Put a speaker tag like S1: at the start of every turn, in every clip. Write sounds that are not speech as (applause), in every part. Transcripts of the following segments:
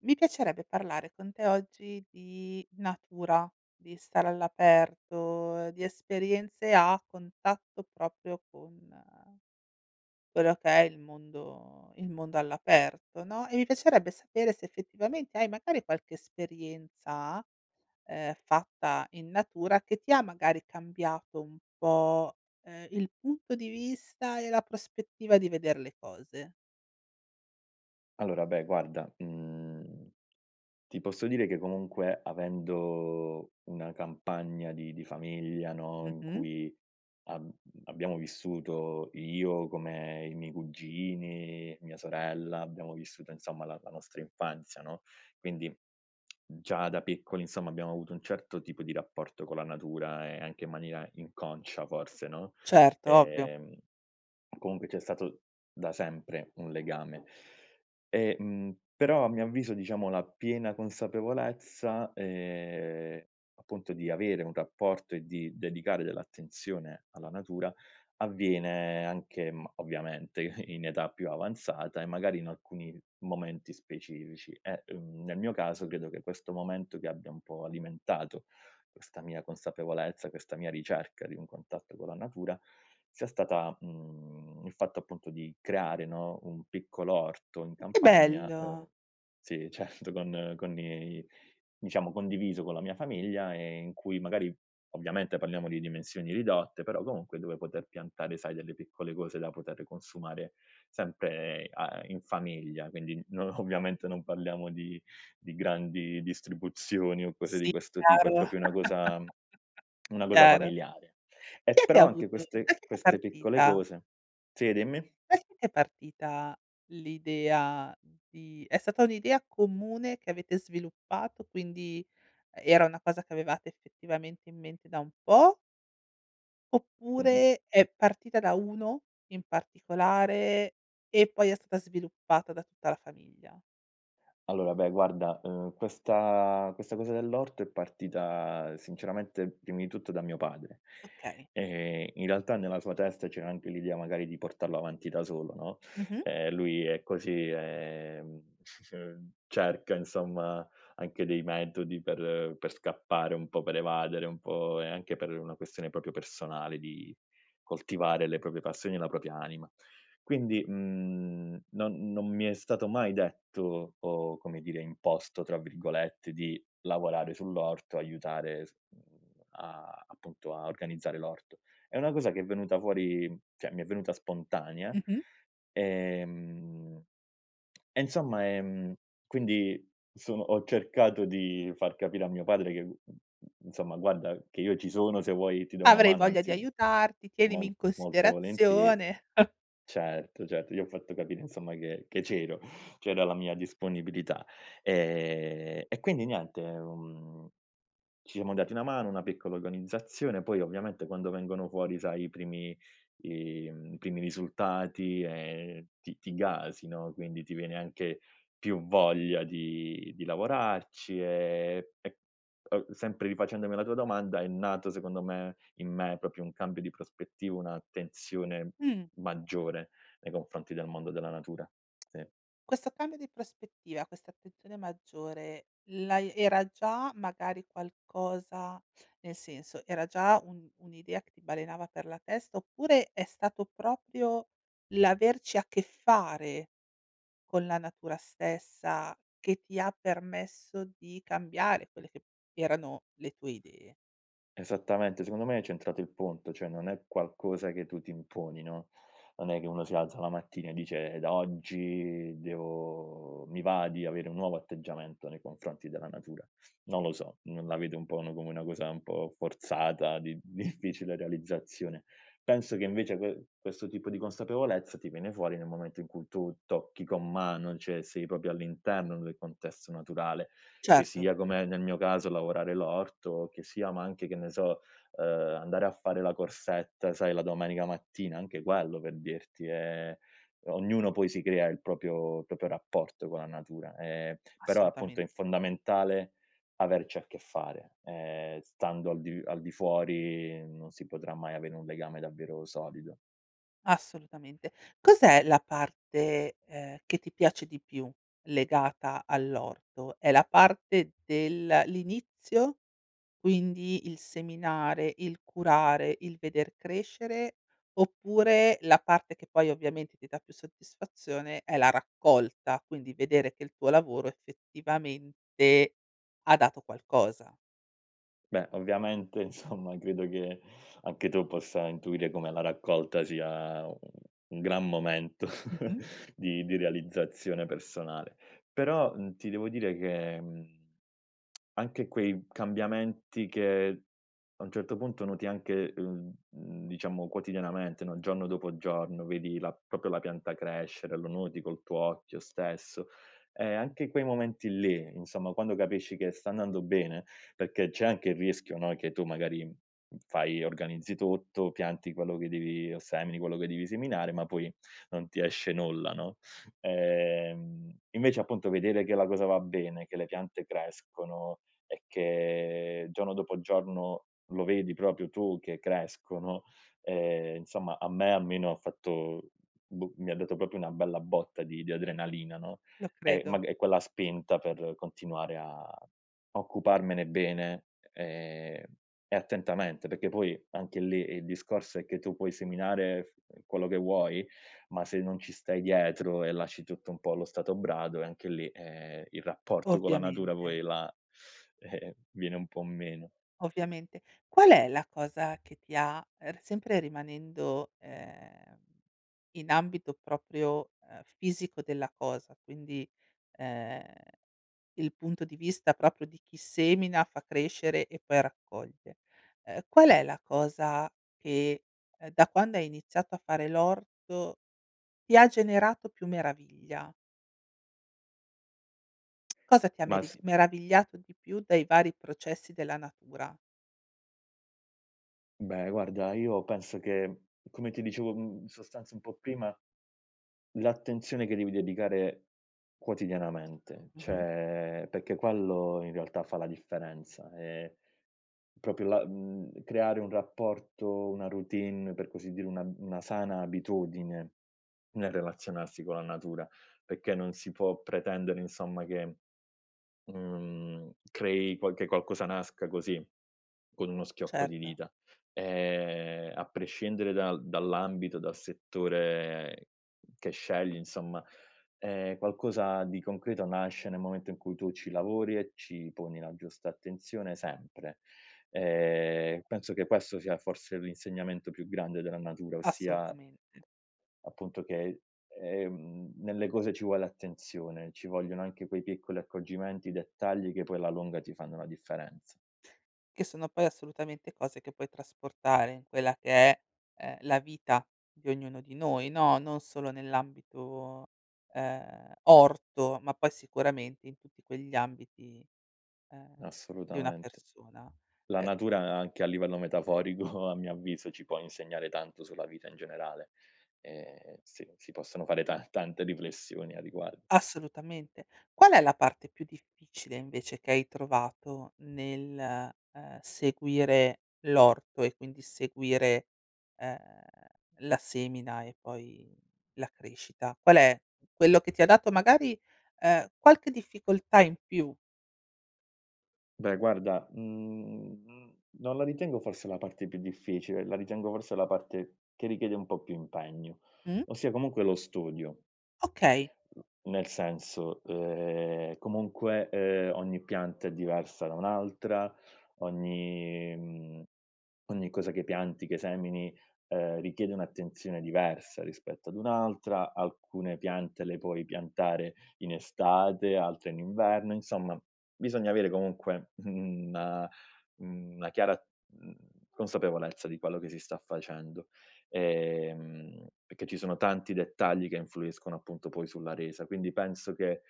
S1: Mi piacerebbe parlare con te, oggi, di natura, di stare all'aperto, di esperienze a contatto proprio con quello che è il mondo il mondo all'aperto, no, e mi piacerebbe sapere se, effettivamente, hai magari qualche esperienza, ehm, fatta in natura che ti ha, magari cambiato, un po', ehm, il punto di vista e la prospettiva di veder le cose.
S2: Allora, beh, guarda, mhmm, ti posso dire che, comunque, avendo una campagna di di famiglia, no, in
S1: Mh-mh.
S2: cui ab abbiamo vissuto io, come i miei cugini, mia sorella abbiamo vissuto insomma la la nostra infanzia, no? Quindi, (smacks lips) già da piccoli, insomma, abbiamo avuto un certo tipo di rapporto con la natura e anche in maniera inconscia, forse, no;
S1: Certo, ovvio.
S2: ehm, comunque c'è stato da sempre un legame, e mhmm, però, a mio avviso, diciamo, la piena consapevolezza, ehm, appunto, di avere un rapporto e di dedicare dell'attenzione alla natura, avviene anche, mhmm, ovviamente, i in età più avanzata e magari in alcuni momenti specifici e, mhmm, nel mio caso credo che questo momento che abbia un po' alimentato, questa mia consapevolezza, questa mia ricerca di un contatto con la natura, sia stata, mhmm, il fatto, appunto, di creare, no, un piccolo orto in
S1: Che
S2: campagna,
S1: bello!
S2: ehm sì, certo, con con i diciamo, condiviso con la mia famiglia e in cui magari ovviamente parliamo di dimensioni ridotte, però comunque dove poter piantare, sai, delle piccole cose da potere consumare, sempre a in famiglia, quindi non ovviamente non parliamo di di grandi distribuzioni o cose
S1: Sì,
S2: di questo tipo, è
S1: chiaro,
S2: proprio una cosa (clicks tongue)
S1: (chuckles)
S2: una cosa
S1: chiaro.
S2: familiare. Eh,
S1: Chi è che ha
S2: però anche
S1: avuto da
S2: queste
S1: chi è che è
S2: queste piccole
S1: partita
S2: cose sì, dimmi?
S1: da chi è che è partita l'idea di è stata un'idea comune che avete sviluppato, quindi, uhm, era una cosa che avevate, effettivamente, in mente da un po'
S2: Mh-mh.
S1: oppure, è partita da 1 in particolare, e poi è stata sviluppata da tutta la famiglia?
S2: Allora beh guarda, uhm, questa questa cosa dell'orto è partita sinceramente primi tutto da mio padre.
S1: Okay.
S2: Ehm, in realtà nella sua testa c'era anche l'idea, magari, di portarlo avanti da solo, no,
S1: Mh-mh.
S2: ehm, lui è così, ehm (chuckles) cerca, insomma, anche dei metodi per per scappare un po', per evadere un po', e anche per una questione proprio personale di coltivare le proprie passioni e la propria anima. Quindi, mhmm, non non mi è stato mai detto, o come dire "imposto", tra virgolette di lavorare sull'orto, aiutare s mhmm, a appunto, a organizzare l'orto. È una cosa che è venuta fuori cioè mi è venuta spontanea,
S1: Mh-mh.
S2: ehm (smacks lips) e insomma, ehm quindi sono ho cercato di far capire a mio padre che, mhmm, mhmm, insomma: "Guarda che io ci sono, se vuoi ti do una
S1: "Avrei
S2: mano;
S1: voglia di
S2: anzi,
S1: aiutarti, tienimi
S2: mol
S1: in
S2: molto volentieri"
S1: considerazione". (chuckles)
S2: Certo, certo gli ho fatto capire, insomma, che che c'ero, (chuckles) c'era la mia disponibilità. Ehm e quindi niente, uhm, ci mo dati una mano, una piccola organizzazione, poi ovviamente quando vengono fuori sai i primi i mhmm, primi risultati e ti ti gasi, no, quindi ti viene anche più voglia di di lavorarci, ehm, e uhm, sempre rifacendomi alla tua domanda, è nato secondo me, in me, proprio un cambio di prospettiva, un'attenzione
S1: Mh.
S2: maggiore nei confronti del mondo della natura. Sì.
S1: Questo cambio di prospettiva, questa attenzione maggiore, l'hai era già, magari, qualcosa nel senso, era già un un'idea che ti balenava per la testa, oppure è stato proprio l'averci a che fare, con la natura stessa, che ti ha permesso di cambiare quelle che erano le tue idee?
S2: Esattamente. Secondo me, hai centrato il punto, cioè non è qualcosa che tu ti imponi, no, non è che uno si alza la mattina e dice: "Da oggi, devo mi va di avere un nuovo atteggiamento nei confronti della natura". Non lo so. Non la vede un po' uno come una cosa un po' forzata, di difficile realizzazione. Penso, che, invece, que questo tipo di consapevolezza, ti viene fuori nel momento in cui tu tocchi con mano, cioè sei proprio all'interno del contesto naturale, che
S1: Certo.
S2: sia come nel mio caso, lavorare l'orto, che sia ma anche, che ne so, uhm, andare a fare la corsetta, sai, la domenica mattina, anche quello per dirti è ognuno poi si crea il proprio- proprio rapporto con la natura, ehm, però, appunto,
S1: Assolutamen
S2: è fondamentale, averci a che fare. Ehm, stando al di al di fuori, non si potrà mai avere un legame davvero solido.
S1: Assolutamente. Cos'è la parte, ehm, che ti piace di più, legata all'orto? È la parte del l'inizio, quindi il seminare, il curare, il veder crescere oppure, la parte che poi ovviamente ti dà più soddisfazione, è la raccolta, quindi vedere che il tuo lavoro effettivamente ha dato qualcosa?
S2: Beh, ovviamente, insomma, credo che anche tu possa intuire come la raccolta sia un un gran momento
S1: Mh-mh.
S2: (chuckles) di di realizzazione personale. Però, mhmm, ti devo dire che, mhmm, (tsk) anche quei cambiamenti, che a un certo punto noti anche uhm, diciamo, quotidianamente, no, giorno dopo giorno vedi la proprio la pianta crescere, lo noti col tuo occhio stesso. Ehm, anche quei momenti lì, insomma, quando capisci che sta andando bene perché c'è anche il rischio, no, che tu magari, mhmm, fai, organizzi tutto, pianti quello che devi o semini quello che devi seminare, ma poi non ti esce nulla, no? Ehm, invece, appunto, vedere che la cosa va bene, che le piante crescono e che, giorno dopo giorno, lo vedi proprio tu che crescono, ehm, insomma, a me almeno ha fatto boh, mi ha dato proprio una bella botta di di adrenalina, no,
S1: Lo
S2: ehm,
S1: credo.
S2: mag è quella spinta per continuare a occuparmene bene, ehm, e attentamente perché poi, anche lì, il discorso è che tu puoi seminare, f quello che vuoi, ma se non ci stai dietro e lasci tutto un po' allo stato brado, eh, anche lì, ehm, il rapporto con la natura
S1: Ovviamente.
S2: poi la eh, viene un po' meno.
S1: Ovviamente. Qual è la cosa che ti ha ehm, r sempre rimanendo, ehm, in ambito proprio, uhm, fisico della cosa, quindi, ehm, il punto di vista proprio di chi semina, fa crescere e poi raccoglie. Uhm, qual è la cosa che, uhm, da quando hai iniziato a fare l'orto, ti ha generato più meraviglia? (clicks tongue) Cosa ti ha
S2: Ma
S1: meri
S2: s
S1: meravigliato di più dei vari processi della natura?
S2: Beh, guarda, io penso che, come ti dicevo, mhmm, in sostanza un po' prima, l'attenzione che devi dedicare quotidianamente,
S1: Mh-mh.
S2: cioè perché quello, in realtà, fa la differenza e proprio la mhmm, creare un rapporto, una routine, per così dire, una una sana abitudine, nel relazionarsi con la natura, perché non si può pretendere, insomma che, mhmm, crei qualche qualcosa nasca così, con uno schiocco di
S1: Certo.
S2: dita, ehm, a prescindere dal dall'ambito, dal settore che scegli, insomma, ehm, qualcosa di concreto nasce nel momento in cui tu ci lavori e ci poni la giusta attenzione, sempre. Ehm, penso che questo sia, forse, l'insegnamento più grande della natura, ossia,
S1: Assolutamente.
S2: appunto, che è è uhm, nelle cose ci vuole attenzione, ci vogliono anche quei piccoli accorgimenti, i dettagli che poi, alla lunga, ti fanno la differenza.
S1: Che sono poi, assolutamente, cose che puoi trasportare in quella che è, ehm, la vita di ognuno di noi, no, non solo nell'ambito, ehm, orto, ma poi sicuramente in tutti quegli ambiti, uhm, di una
S2: Assolutamente.
S1: persona.
S2: La
S1: Uhm
S2: natura a anche a livello metaforico, (chuckles) a mio avviso, ci può insegnare tanto sulla vita in generale, ehm, si si possono fare ta tante riflessioni a riguar
S1: Assolutamente. Qual è la parte più difficile, invece, che hai trovato nel, uhm, seguire l'orto e, quindi, seguire, uhm, la semina e poi la crescita? Qual è quello che ti ha dato magari, uhm, qualche difficoltà in più?
S2: Beh, guarda, mhmm, m non la ritengo, forse, la parte più difficile, la ritengo, forse, la parte che richiede un po' più impegno,
S1: Mh.
S2: ossia comunque lo studio.
S1: Okay.
S2: (smacks lips) Mhmm, nel senso, uhm, comunque, uhm, ogni pianta è diversa da un'altra, ogni mhmm, ogni cosa che pianti, che semini, uhm, richiede un'attenzione diversa rispetto ad un'altra, alcune piante le puoi piantare in estate, altre in inverno; insomma, bisogna avere comunque, mhmm, una mhmm, una chiara, mhmm, consapevolezza di quello che si sta facendo, ehm, perché ci sono tanti dettagli che influiscono, appunto, poi sulla resa, quindi penso che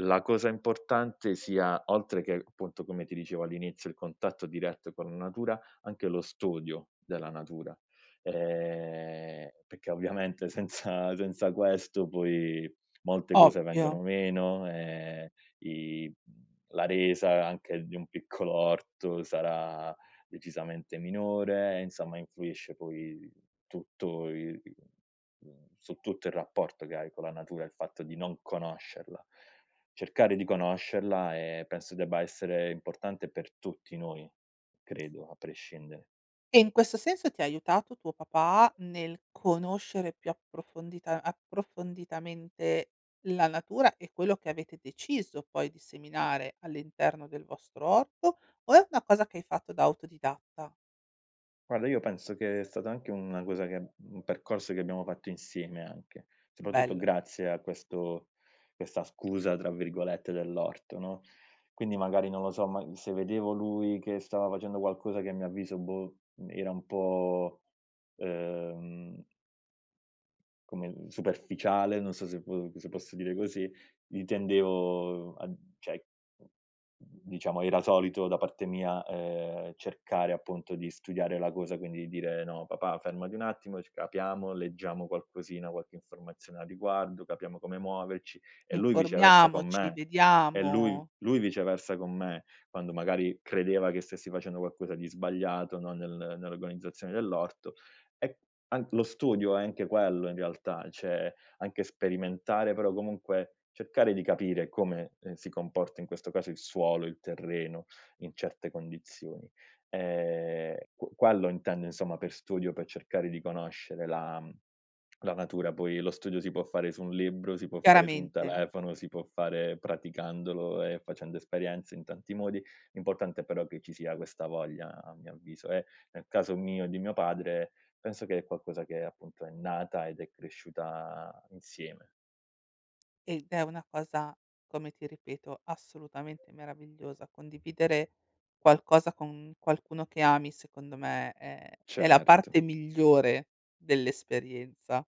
S2: la cosa importante sia- oltre che, appunto, come ti dicevo all'inizio, il contatto diretto con la natura- anche lo studio della natura, ehm, perché, ovviamente, senza senza questo poi molte cose
S1: Ovvio.
S2: vengono meno, ehm, i la resa anche di un piccolo orto sarà decisamente minore e, insomma, influisce poi tutto il mhmm, su tutto il rapporto che hai con la natura, il fatto di non conoscerla. Cercare di conoscerla, ehm, penso debba essere importante per tutti noi, credo, a prescindere.
S1: E, in questo senso, ti ha aiutato tuo papà, nel conoscere più approfondita approfonditamente, la natura e quello che avete deciso, poi, di seminare all'interno del vostro orto? O è una cosa che hai fatto da autodidatta?
S2: Guarda, io penso che è stata anche una cosa che uhm, un percorso che abbiamo fatto insieme anche, soprattutto
S1: Bello.
S2: grazie a questo questa "scusa", tra virgolette, dell'orto, no; quindi magari, non lo so, ma se vedevo lui che stava facendo qualcosa che, a mio avviso, boh, uhm, era un po', ehm come, mhmm, superficiale, non so se po se posso dire così, lì tendevo a cioè, diciamo, era solito, da parte mia, ehm, cercare, appunto, di studiare la cosa, quindi dire: "No papà, fermati un attimo e c capiamo, leggiamo qualcosina, qualche informazione a riguardo, capiamo come muoverci", e lui viceversa con
S1: Informiamoci,
S2: me, e lui
S1: vediamo
S2: lui viceversa con me, quando magari credeva che stessi facendo qualcosa di sbagliato, no, nel nell'organizzazione dell'orto, e an lo studio è anche quello, in realtà, cioè anche sperimentare, però comunque, cercare di capire come, ehm, si comporta in questo caso il suolo, il terreno in certe condizioni, ehm, qu quello intendo, insomma, per studio, per cercare di conoscere la mhmm, (clicks tongue) la natura. Poi lo studio si può fare su un libro, si può fare su un
S1: Chiaramente.
S2: telefono, si può fare praticandolo e facendo esperienze in tanti modi, l'importante, però, è che ci sia questa voglia, a mio avviso e, nel caso mio e di mio padre, penso che è qualcosa che, appunto, è nata ed è cresciuta insieme.
S1: Ed è una cosa, come ti ripeto, assolutamente meravigliosa, condividere qualcosa con qualcuno che ami, secondo me, è è la
S2: Certo.
S1: parte migliore dell'esperienza,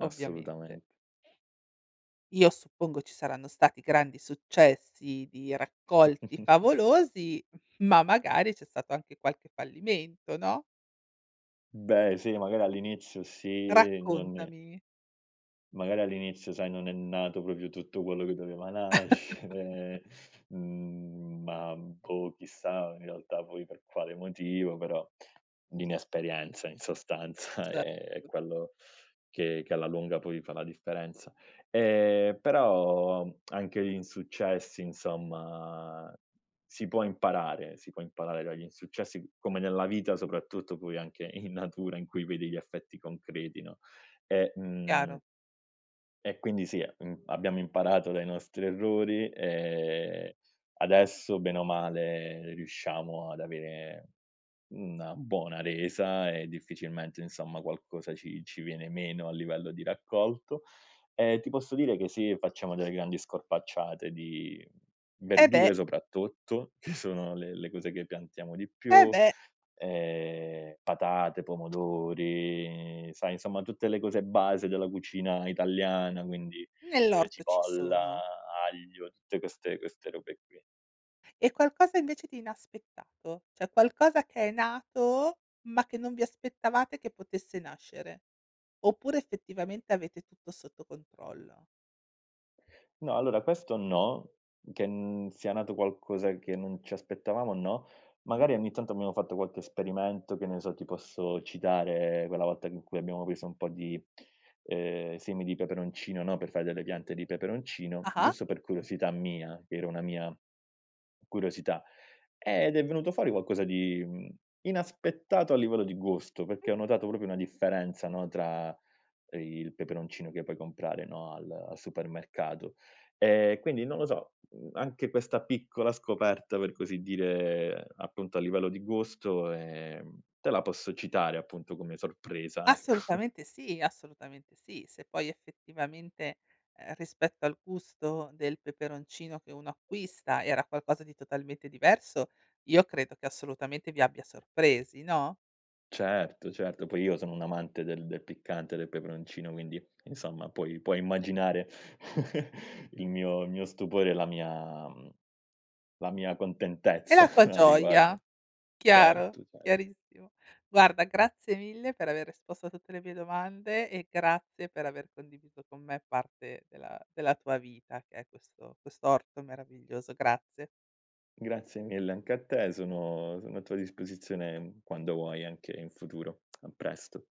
S1: ovviamente.
S2: Assolutament
S1: (sniffs) Io suppongo ci saranno stati grandi successi di raccolti
S2: (chuckles)
S1: favolosi, ma magari c'è stato anche qualche fallimento, no?
S2: Beh, sì, magari, all'inizio. Sì, non
S1: Raccontami.
S2: Magari all'inizio, sai, non è nato proprio tutto quello che doveva
S1: (chuckles)
S2: nascere, mhmm, ma boh, chissà, in realtà, poi per quale motivo, però, l'inesperienza in sostanza è è
S1: Certo.
S2: quello che che alla lunga poi fa la differenza. Ehm, però (clicks tongue) anche gli insuccessi, insomma si può imparare, si può imparare dagli insuccessi, come nella vita, soprattutto poi anche in natura in cui vedi gli effetti concreti, no, ehm, uhm
S1: Chiaro.
S2: e, quindi, sì, mhmm, abbiamo imparato dai nostri errori, ehm, adesso, bene o male, riusciamo ad avere una buona resa e difficilmente, insomma, qualcosa ci ci viene meno a livello di raccolto. Ehm, ti posso dire che, sì, facciamo delle grandi scorpacciate di
S1: Eh beh!
S2: verdure, soprattutto, che sono le le cose che piantiamo di
S1: Eh
S2: più,
S1: beh!
S2: ehm, patate, pomodori, sai, insomma, tutte le cose base della cucina italiana, quindi, ehm,
S1: Nell'orto ci
S2: cipolla,
S1: sono.
S2: aglio, tutte queste queste robe qui.
S1: E qualcosa, invece, di inaspettato, cioè qualcosa che è nato, ma che non vi aspettavate che potesse nascere? Oppure, effettivamente, avete tutto sotto controllo?
S2: No, allora, questo no, che, mhmm, sia nato qualcosa che non ci aspettavamo no.
S1: Mh.
S2: Magari, ogni tanto, abbiamo fatto qualche esperimento, che ne so, ti posso citare quella volta in cui abbiamo preso un po' di ehm, semi di peperoncino, no, per fare delle piante di peperoncino,
S1: Ah-ah.
S2: giusto per curiosità mia, che era una mia, curiosità. Ed è venuto fuori qualcosa di, mhmm, inaspettato, a livello di gusto,
S1: Mh.
S2: perché ho notato proprio una differenza, no, tra il peperoncino che puoi comprare, no, al al supermercato. Ehm, quindi, non lo so, mhmm, anche questa piccola scoperta, per così dire, appunto, a livello di gusto, ehm, te la posso citare, appunto, come sorpresa, ecco.
S1: Assolutamente sì, assolutamente sì. Se poi, effettivamente, ehm, rispetto al gusto del peperoncino che uno acquista, era qualcosa di totalmente diverso, io credo che assolutamente vi abbia sorpresi, no?
S2: Certo, certo. Poi, io sono un amante del del piccante, del peperoncino, quindi, insomma, puoi puoi immaginare (chuckles) il mio il mio stupore e la mia mhmm, la mia
S1: E
S2: contentezza
S1: la tua
S2: (chuckles) a riguardo.
S1: gioia. Chiaro,
S2: Certo, cer
S1: chiarissimo. Guarda, grazie mille per aver risposto a tutte le mie domande e grazie per aver condiviso con me parte della della tua vita, che è questo quest'orto meraviglioso. Grazie.
S2: Grazie mille anche a te. Sono sono a tua disposizione, mhmm, quando vuoi, anche in futuro. (clicks tongue) A presto.